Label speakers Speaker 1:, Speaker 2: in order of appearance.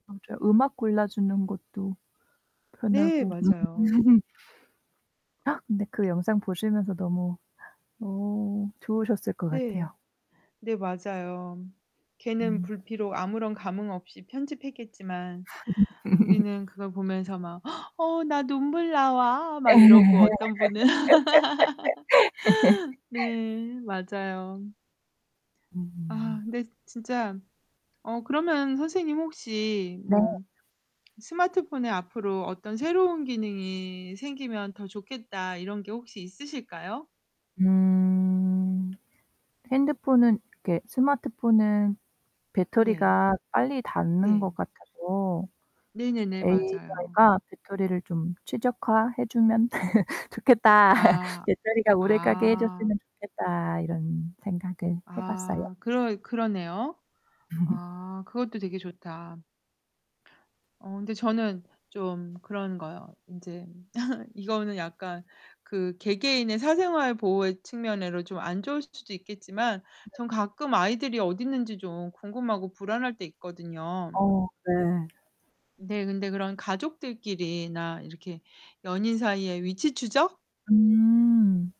Speaker 1: 맞아요. 음악 골라주는 것도
Speaker 2: 네,
Speaker 1: 편하고.
Speaker 2: 맞아요.
Speaker 1: 근데 그 영상 보시면서 너무 어 좋으셨을 것
Speaker 2: 네.
Speaker 1: 같아요.
Speaker 2: 네 맞아요. 걔는
Speaker 1: 음.
Speaker 2: 불피로 아무런 감흥없이 편집했겠지만 우리는 그걸 보면서 막 "어 나 눈물 나와."
Speaker 1: 예
Speaker 2: 막 이러고 어떤 분은 네, 맞아요. 아
Speaker 1: 음.
Speaker 2: 근데 진짜 어 그러면 선생님 혹시
Speaker 1: 네.
Speaker 2: 뭐 '스마트폰에 앞으로 어떤 새로운 기능이 생기면 더 좋겠다.' 이런 게 혹시 있으실까요?
Speaker 1: 음. 핸드폰은 이렇게 스마트폰은
Speaker 2: 네.
Speaker 1: 배터리가 빨리 닳는
Speaker 2: 네.
Speaker 1: 것 같아서
Speaker 2: 네네네, 맞아요.
Speaker 1: 'AI가 배터리를 좀 최적화해 주면 좋겠다.
Speaker 2: 아.
Speaker 1: 배터리가 오래 가게 해
Speaker 2: 아.
Speaker 1: 줬으면 좋겠다.' 이런 생각을 해 봤어요.
Speaker 2: 아, 그러 그러네요. 아, 그것도 되게 좋다. 어 근데 저는 좀 그런 거요. 인제 이거는 약간 그 개개인의 사생활 보호의 측면으로 좀 안 좋을 수도 있겠지만
Speaker 1: 네.
Speaker 2: 전 가끔 아이들이 어딨는지 좀 궁금하고 불안할 때 있거든요.
Speaker 1: 어 네.
Speaker 2: 네, 근데 그런 가족들끼리나 이렇게 연인 사이의 위치 추적?
Speaker 1: 음.